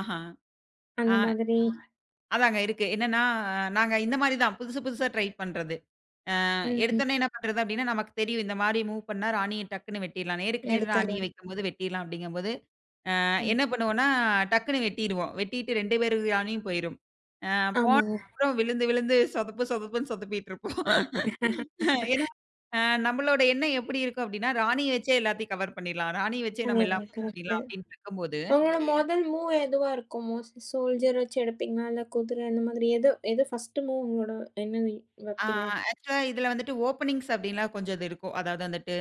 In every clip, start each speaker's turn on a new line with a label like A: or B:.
A: அஹா.
B: அந்த
A: ஆ.
B: மாதிரி.
A: அதாங்க இருக்கு. என்னான்னா, நாங்க இந்த மாரி தான், புதுசு புதுசா ட்ரை பண்றது. அ
B: ம். ம்.
A: எடுத்தவுன்னே என்ன பண்றது? அப்டின்னா, நமக்குத் தெரியும். இந்த மாரி மூவ் பண்ணா, ராணிய டக்குன்னு வெட்டிறலான்னு. "நேருக்கு நேர்
B: எடுத்தாலே
A: ராணிய வக்கும்போது வெட்றடலாம்" அப்டிங்கும்போது, அ
B: ம்.
A: என்னா பண்ணுவோம்னா, டக்குன்னு வெட்டிருவோம். வெட்டிட்டு 2 பேரு ராணியும் போயிரும். அ
B: ஆமாங்க.
A: போனப்புறம் விழுந்து விழுந்து சொதப்பு சொதப்புன்னு சொதுப்பிட்ருப்போம். ஏன்னா, அ நம்மளோட எண்ணம் எப்படி இருக்கும்? அப்டின்னா, ராணிய வச்சே எல்லாத்தையும் கவர் பண்ணிறலாம். ராணிய வச்சே நம்ம எல்லா
B: சரிங்க,
A: மூவ்
B: கரெக்ட்டு.
A: பண்ணிலாம் அப்டின்னு வைக்கும்போது
B: ஒங்களோட மொதல் மூவ் எதுவா இருக்கும்? மோஸ்ட்லீ? சோல்ஜர் வச்சு எடுப்பீங்களா? இல்ல குதிர இந்த மாதிரி எது? எது ஃபஸ்ட்டு மூவ் உங்களோட [unintelligible]
A: ஆ,
B: வப்பீங்க?
A: ஆக்சுவலா இதுல வந்துட்டு ஓப்பனிங்ஸ் அப்படின்லாம் கொஞ்சது இருக்கும். அதாவது வந்துட்டு,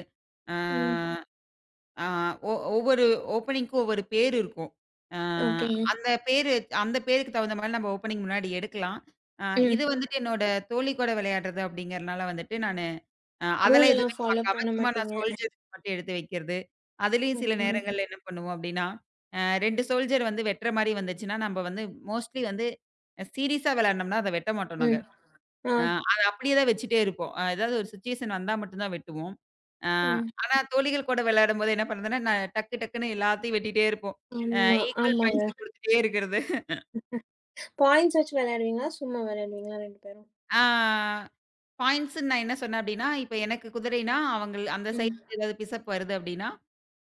A: அ
B: ம்.
A: ஆ ஒ ஒவ்வொரு ஓப்பனிங்க்கும் ஒவ்வொரு பேரு இருக்கும். அ
B: ஓகேங்க.
A: அந்தப் பேரு அந்தப் பேருக்கு தகுந்த மாரி நம்ப ஓப்பனிங் முன்னாடி எடுக்கலாம். அ இது
B: ம்.
A: வந்துட்டு என்னோட தோழி கூட விளையாட்றது அப்படிங்கறதுனால வந்துட்டு, நானு அ அதெல்லாம்
B: ரூலெல்லாம்
A: எதுவுமே
B: ஃபாலோ
A: பாக்காம
B: பண்ண
A: சும்மா நான்
B: மாட்டீங்க.
A: சோல்ஜர்ஸ் மட்டும் எடுத்து வைக்கிறது. அதுலயும்
B: ம்.
A: சில
B: ம்.
A: நேரங்கள்ல என்ன பண்ணுவோம் அப்டின்னா, அ சோல்ஜர வந்து வெட்ற மாரி வந்துச்சுன்னா, நம்ப வந்து மோஸ்ட்லி வந்து சீரியஸா வெளாடனமுன்னா அத வெட்டமாட்டோம் நாங்க.
B: ம். அ.
A: அ அத அப்படியேதான் வச்சிட்டே இருப்போம். அ ஏதாவது ஒரு சிச்சுவேசன் வந்தா மட்டும்தான் வெட்டுவோம். அ
B: ம்.
A: ஆனா, தோழிகள் கூட விளையாடும்போது என்னாபண்றதுன்னா? நான் டக்கு டக்குன்னு எல்லாத்தையும் வெட்டிட்டே இருப்போம். அ
B: ம்,
A: ஈக்வல்
B: ஆமாங்க.
A: பாயிண்ட்ஸ்ல குடுத்துட்டே இருக்குறது.
B: பாய்ண்ட்ஸ் வச்சு விளையாடுவீங்களா? சும்மா வெளையாடுவீங்களா ரெண்டு பேரும்?
A: ஆ, பாயிண்ட்ஸ்ன்னு நான் என்ன சொன்னன் அப்டின்னா, இப்ப எனக்குக் குதிரைன்னா அவங்கள் அந்தச்
B: ம்.
A: சைடுல எதாவது பிஷப் வருது அப்டின்னா,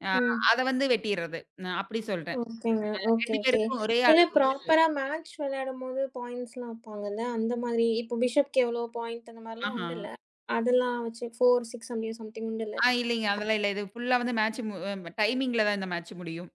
A: அ
B: ம்.
A: அத வந்து வெட்டிர்றது. நான் அப்படி சொல்றன்.
B: ஓகேங்க.
A: அ
B: ஓகே
A: 2
B: ஓகே.
A: பேருக்கும் ஒரே அளவு
B: [unintelligible]
A: இருக்கறது.
B: பிராப்பரா மேட்ச்சு விளையாடும்போது பாய்ண்ட்ஸ்லாம் வைப்பாங்கல்ல! அந்த மாரி. இப்ப பிஷப்க்கு எவ்ளோ பாய்ண்ட் அந்த மாரிலாம்
A: ஆஹா.
B: உண்டுல்ல! அதுல்லாம் வச்சு, 4, 6 சம்திங், சம்திங் உண்டுல்ல?
A: ஆ, இல்லீங்க. அதுலாம் இல்ல. இது ஃபுல்லா வந்து மேட்ச்சு மு டைமிங்கில தான் இந்த மேட்ச்சு முடியும்.